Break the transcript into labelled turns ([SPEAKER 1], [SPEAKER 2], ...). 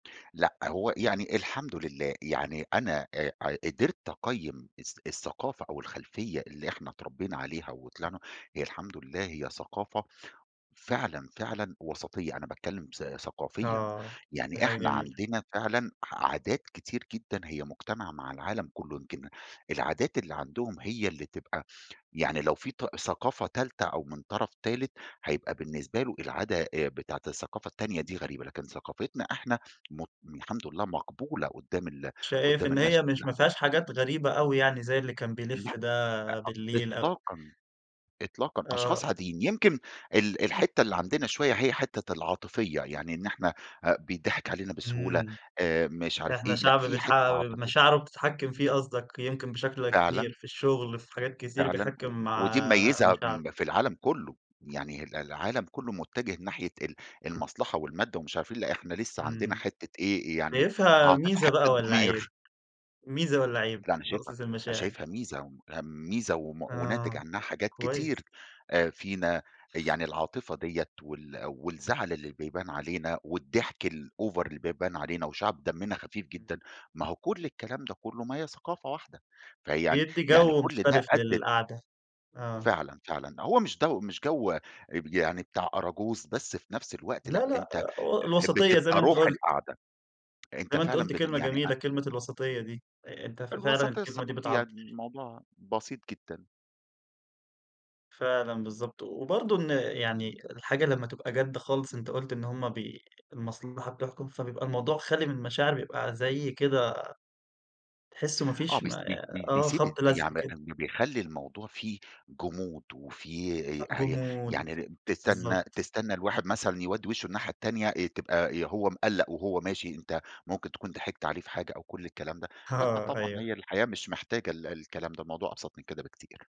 [SPEAKER 1] لأ، هو يعني الحمد لله. يعني أنا آآ ع قدرْت أقيّم الث الثقافة أو الخلفية اللي إحنا اتربّينا عليها وطلعنا، هي الحمد لله هي ثقافة فعلًا، فعلًا وَسَطيّة، أنا باتكلّم ث ثقافيًا.
[SPEAKER 2] آه. دي
[SPEAKER 1] يعني
[SPEAKER 2] حاجة
[SPEAKER 1] إحنا
[SPEAKER 2] جميلة.
[SPEAKER 1] عندنا فعلًا ح عادات كتير جدًا هي مُجتمعة مع العالم كُلّه، يمكن العادات اللي عندهم هي اللي تبقى يعني لو في ط ثقافة تالتة أو من طرف تالت، هيبقى بالنسبة له العادة آآ بتاعة الثقافة التانية دي غريبة، لكن ثقافتنا إحنا مت الحمد لله مقبولة قُدّام ال
[SPEAKER 2] شايف
[SPEAKER 1] قُدّام
[SPEAKER 2] إن
[SPEAKER 1] الناس
[SPEAKER 2] هي مش ما
[SPEAKER 1] كُلّها.
[SPEAKER 2] فيهاش حاجات غريبة أوي يعني زي اللي كان
[SPEAKER 1] لأ
[SPEAKER 2] بيلِف
[SPEAKER 1] أ
[SPEAKER 2] ده
[SPEAKER 1] إط
[SPEAKER 2] بالليل أو
[SPEAKER 1] إطلاقًا، إطلاقًا.
[SPEAKER 2] آه.
[SPEAKER 1] أشخاص عاديين. يمكن ال الحتّة اللي عندنا شوية، هي حتّة العاطفية. يعني إن إحنا آآ بيتضحك علينا بسهولة
[SPEAKER 2] إمم.
[SPEAKER 1] آآ مش عارف
[SPEAKER 2] إحنا
[SPEAKER 1] إيه، لأ
[SPEAKER 2] شعب
[SPEAKER 1] في
[SPEAKER 2] بيتح
[SPEAKER 1] حتّة عاطفية.
[SPEAKER 2] مشاعره بتتحكِّم فيه قصدك يمكن بشكل كبير
[SPEAKER 1] فعلًا.
[SPEAKER 2] في الشغل، في حاجات كتير
[SPEAKER 1] فعلًا. و
[SPEAKER 2] بيحكّم م
[SPEAKER 1] ودي مِميّزة
[SPEAKER 2] مشاعره.
[SPEAKER 1] م في العالم كُلّه. يعني ال العالم كُلّه مُتّجه ناحية ال المصلحة والمادة ومش عارف إيه، لأ إحنا لسّه عندنا
[SPEAKER 2] إمم.
[SPEAKER 1] حتّة إيه، يعني
[SPEAKER 2] شايفها
[SPEAKER 1] عاطفة،
[SPEAKER 2] ميزة بقى
[SPEAKER 1] حتّة
[SPEAKER 2] والّا عيب،
[SPEAKER 1] ضمير.
[SPEAKER 2] ميزة والّا عيب
[SPEAKER 1] لأ، أنا شايفها
[SPEAKER 2] نقطة
[SPEAKER 1] أنا
[SPEAKER 2] المشاعر؟
[SPEAKER 1] شايفها ميزة [unintelligible] ميزة وم وناتج
[SPEAKER 2] آه،
[SPEAKER 1] عنّها حاجات
[SPEAKER 2] كويس.
[SPEAKER 1] كتير آآ فينا. يعني العاطفة ديّة وال والزعل اللي بيبان علينا والضحك الover اللي بيبان علينا وشعب دمِّنا خفيف
[SPEAKER 2] إمم.
[SPEAKER 1] جدًا، ما هو كل الكلام ده كُلّه ما هي ثقافة واحدة. فيعني
[SPEAKER 2] بيدّي
[SPEAKER 1] يعني
[SPEAKER 2] جَو
[SPEAKER 1] كل ده
[SPEAKER 2] مختلف
[SPEAKER 1] أدِّت
[SPEAKER 2] للقعدة، آه.
[SPEAKER 1] فعلًا، فعلًا. هو مش جَو مش جَو اب يعني بتاع أراجوز، بس في نفس الوقت لأ،
[SPEAKER 2] لأ، لأ
[SPEAKER 1] أنت أ
[SPEAKER 2] آآ أو الوَسَطيّة زي
[SPEAKER 1] بتبقى
[SPEAKER 2] ما أنت
[SPEAKER 1] روح
[SPEAKER 2] قُلت.
[SPEAKER 1] القعدة. أنت
[SPEAKER 2] زي ما أنت
[SPEAKER 1] فعلًا
[SPEAKER 2] قُلت
[SPEAKER 1] بت
[SPEAKER 2] كلمة
[SPEAKER 1] يعني أ
[SPEAKER 2] جميلة، كلمة الوَسَطيّة دي. أ أنت فعلًا
[SPEAKER 1] الوَسَط
[SPEAKER 2] الكلمة دي
[SPEAKER 1] الثقافي،
[SPEAKER 2] بتعبّر
[SPEAKER 1] يعني الموضوع بسيط جدًا.
[SPEAKER 2] فعلًا بالضبط. وبرضه إن يعني الحاجة لمّا تبقى جَد خالص، أنت قُلت إن هم بي المصلحة بتحكُم، فبيبقى الموضوع خالي من المشاعر بيبقى زي كده تحسّوا ما
[SPEAKER 1] آه.
[SPEAKER 2] فيش
[SPEAKER 1] بس
[SPEAKER 2] ما
[SPEAKER 1] ب ب
[SPEAKER 2] آه.
[SPEAKER 1] بيسيب
[SPEAKER 2] خَبْط
[SPEAKER 1] ت
[SPEAKER 2] لَزْق
[SPEAKER 1] يعني
[SPEAKER 2] كده.
[SPEAKER 1] أمّا بيخلّي الموضوع فيه جُمود وفيه ي
[SPEAKER 2] أ
[SPEAKER 1] أهي
[SPEAKER 2] جُمود.
[SPEAKER 1] يعني ر تستنّى
[SPEAKER 2] بالضبط.
[SPEAKER 1] تستنّى الواحد مثلًا يودّي وِشّه الناحية التانية آآ تبقى يا هو مِقلَّق وهو ماشي، أنت ممكن تكون ضحكت عليه في حاجة أو كل الكلام ده لأ
[SPEAKER 2] أها،
[SPEAKER 1] طبعًا،
[SPEAKER 2] أيوه.
[SPEAKER 1] هي الحياة مش محتاجة ال الكلام ده، الموضوع أبسط من كده بكتير.